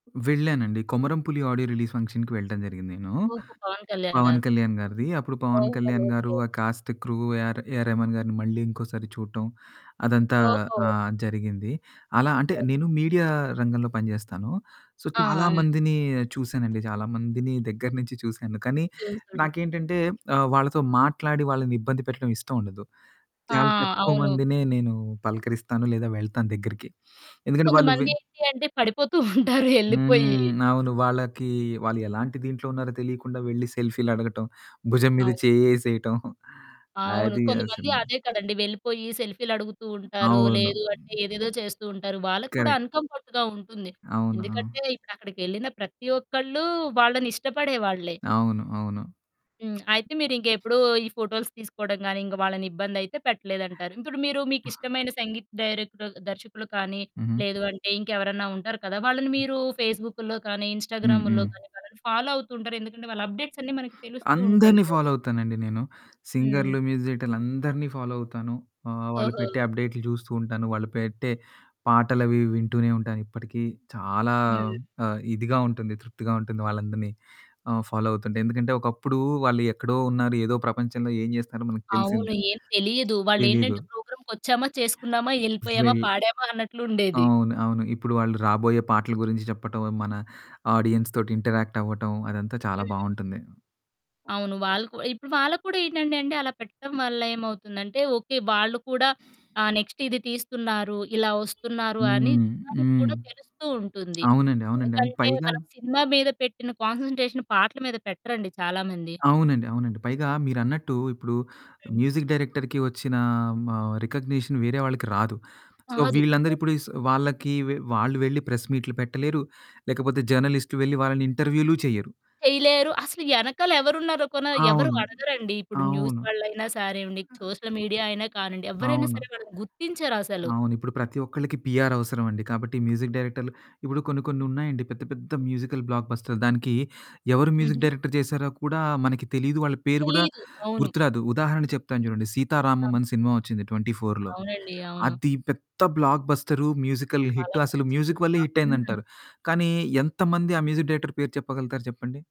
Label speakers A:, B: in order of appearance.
A: వెళ్ళానండి. 'కొమరం పులి' audio release ఫంక్షన్‌కి వెళ్ళటం జరిగింది నేను.
B: ఓహో! 'పవన్ కళ్యాణ్'
A: 'పవన్
B: గారు.
A: కళ్యాణ్' గారిది అప్పుడు 'పవన్
B: ఓహో!
A: కళ్యాణ్' గారు
B: ఓకే.
A: ఆ‌ కాస్ట్ క్రూ ఏర్ ఏఆర్ రెహమాన్ గారిని మళ్ళీ ఇంకోసారి చూడటం అదంతా
B: ఓహో!
A: ఆహ్, జరిగింది. అలా అంటే
B: ఓకే.
A: నేను మీడియా రంగంలో పని చేస్తాను. సో
B: ఆ!
A: చాలా
B: హ్మ్.
A: మందిని చూసానండి, చాలామందిని దగ్గర నుంచి చూసాను, కానీ
B: చూసున్
A: నాకేంటంటే ఆహ్, వాళ్ళతో మాట్లాడి వాళ్ళనిబ్బంది పెట్టడం ఇష్టముండదు.
B: ఆ!
A: చాలా తక్కువ
B: అవును.
A: మందిని నేను పలకరిస్తాను, లేదా వెళ్తాను దగ్గరికి, ఎందుకంటే వాళ్ళు వే
B: కొంతమంది ఏంటి అంటే పడిపోతూ ఉంటారు. ఏళ్ళిపోయి.
A: హ్మ్. అవును వాళ్ళకి వాళ్ళు ఎలాంటి దీంట్లో ఉన్నారో తెలియకుండా వెళ్లి సెల్ఫీలడగటం, భుజం మీద
B: అవును.
A: చేయ్యేసేయటం.
B: అవును.
A: అది
B: కొంతమంది
A: అసలు
B: అదే కదండీ వెళ్ళిపోయి సెల్ఫీ‌లు అడుగుతూ
A: హ్మ్,
B: ఉంటారు.
A: అవును.
B: లేదు అంటే ఏదేదో చేస్తూ ఉంటారు. వాళ్ళకి కూడా
A: కరెక్ట్.
B: అన్‌కమ్‌ఫర్ట్‌గా ఉంటుంది.
A: అవునా?
B: ఎందుకంటే ఇప్పుడక్కడికెళ్ళిన ప్రతి ఒక్కళ్ళూ వాళ్ళని ఇష్టపడేవాళ్ళే.
A: అవును. అవును.
B: హ్మ్. అయితే మీరింకేప్పుడూ ఈ ఫోటోస్ తీసుకోవడం గాని, ఇంకా వాళ్ళని ఇబ్బంది అయితే పెట్టలేదంటారు. ఇప్పుడు మీరు
A: అ
B: మీకిష్టమైన సంగీత డైరెక్టర్ దర్శకులు కానీ,
A: హుహు.
B: లేదు అంటే ఇంకెవరైనా ఉంటారు కదా! వాళ్ళని మీరూ ఫేసుబుక్కుల్లో కానీ,
A: హ్మ్.
B: ఇన్‌స్టాగ్రాముల్లో
A: హ్మ్.
B: కానీ వాళ్ళని ఫాలో అవుతుంటరు. ఎందుకంటే వాళ్ళ అప్డేట్స్ అన్నీ మనకు తెలుస్తూ ఉంటాయి
A: అందరిని
B: గదా!
A: ఫాలో అవుతానండి నేను.
B: హ్మ్.
A: సింగర్లు మ్యూజిక్ డైరెక్టర్లు అందరిని ఫాలో అవుతాను, ఆహ్, వాళ్ళు
B: ఓహో!
A: పెట్టే అప్డేట్లు చూస్తూ ఉంటాను. వాళ్ళు పెట్టే పాటలవి వింటూనే ఉంటాను. ఇప్పటికీ చాలా
B: హ్మ్.
A: ఆ! ఇదిగా ఉంటుంది తృప్తిగా ఉంటుంది వాళ్ళందరిని ఆహ్, ఫాలో అవుతుంటే ఎందుకంటే ఒకప్పుడు వాళ్ళు ఎక్కడో ఉన్నారు ఏదో ప్రపంచంలో ఏం చేస్తారో మనకు తెలిసింది
B: అవును
A: కాదు.
B: ఏం తెలియదు.
A: తెలీదు.
B: వాళ్ళేంటంటే ప్రోగ్రామ్‌కొచ్చామా, చేసుకున్నామా, యెళ్ళిపోయామా,
A: జాయిల్
B: పాడామా, అన్నట్లుండేది.
A: అవును. అవును. ఇప్పుడు వాళ్ళు రాబోయే పాటల గురించి చెప్పటం. మన ఆడియన్స్‌తోటి ఇంటరాక్ట్ అవ్వటం అదంతా చాలా
B: హ్మ్.
A: బావుంటుంది.
B: అవును వాళ్ళు కూ ఇప్పుడు వాళ్ళకి కూడా ఏంటంటే, అంటే అలా పెట్టడం వల్ల ఏమవుతుందంటే, ఓకే వాళ్ళు కూడా ఆహ్, నెక్స్ట్ ఇది తీస్తున్నారు, ఇలా వస్తున్నారు, అని
A: హ్మ్.
B: జనానికి
A: హ్మ్.
B: కూడా తెలుస్తూ ఉంటుంది.
A: అవునండి. అవునండి. అండ్
B: ఎందుకంటే
A: పైగా
B: మనం సినిమా మీద పెట్టిన కాన్స‌న్‌ట్రేషన్ పాటల మీద పెట్టరండి చాలా మంది.
A: అవునండి. అవునండి. పైగా మీరన్నట్టు ఇప్పుడు
B: హ్మ్.
A: మ్యూజిక్ డైరెక్టర్‌కి వచ్చిన ఆహ్, మ రికగ్‌నిషన్ వేరే వాళ్ళకి రాదు. సో
B: కాదు.
A: వీళ్ళందరూ ఇప్పుడు‌ స్ వాళ్లకి వే వాళ్ళు వెళ్లి ప్రెస్‌మీట్లు పెట్టలేరు. లేకపోతే జర్నలిస్టులు వెళ్లి వాళ్ళని ఇంటర్‌వ్యూలు చెయ్యరు.
B: చేయలేరు. అసలు యెనకాల ఎవరున్నారో కూనా ఎవరూ
A: అవును.
B: అడగరండి. ఇప్పుడు న్యూస్
A: అవును.
B: వాళ్ళయినా సరే అవ్వండి, సోషల్ మీడియా అయినా కానండి,
A: ఆ
B: ఎవ్వరైనా
A: అవును.
B: సరే వాళ్ళని గుర్తించరసలు.
A: అవును. ఇప్పుడు ప్రతి ఒక్కలకి పిఆర్ అవసరం అండి. కాబట్టి మ్యూజిక్ డైరెక్టర్లు ఇప్పుడు కొన్ని కొన్ని ఉన్నాయండి పెద్ద పెద్ద మ్యూజికల్ బ్లాక్బస్టర్ దానికి ఎవరు మ్యూజిక్
B: హుహు.
A: డైరెక్టర్ చేశారో కూడా మనకి తెలియదు, వాళ్ళ పేరు గూడా
B: తెలీదు. అవును.
A: గుర్తురాదు. ఉదాహరణ చెప్తాను చూడండి. 'సీతారామం'
B: అవును.
A: అని సినిమా వచ్చింది 24లో
B: అవునండి. అవును.
A: అది పెద్ద బ్లాక్ బస్టర్ మ్యూజికల్ హిట్
B: చాలా
A: అసలు
B: మంచి
A: మ్యూజిక్ వల్లే
B: సినిమా.
A: హిట్ అయింది
B: హ్మ్.
A: అంటారు. కానీ ఎంతమంది ఆ మ్యూజిక్ డైరెక్టర్ పేరు చెప్పగలుగుతారు చెప్పండి?